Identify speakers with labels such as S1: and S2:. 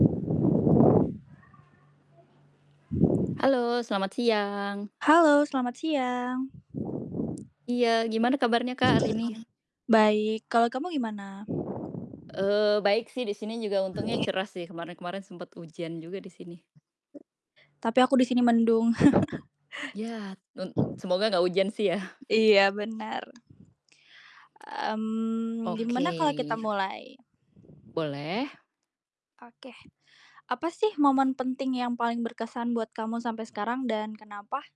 S1: Halo, selamat siang.
S2: Halo selamat siang.
S1: Iya, gimana kabarnya Kak, hari ini?
S2: Baik, kalau kamu gimana?
S1: Eee, baik sih di sini juga untungnya cerah sih, kemarin-kemarin sempet hujan juga di sini.
S2: Tapi aku di sini mendung.
S1: Ya. Nun Semoga nggak hujan sih ya.
S2: Iya benar. Mmm,
S1: Oke.
S2: gimana kalo kita mulai?
S1: Boleh.
S2: Oke. Apa sih momen penting yang paling berkesan buat kamu sampe sekarang, dan kenapa?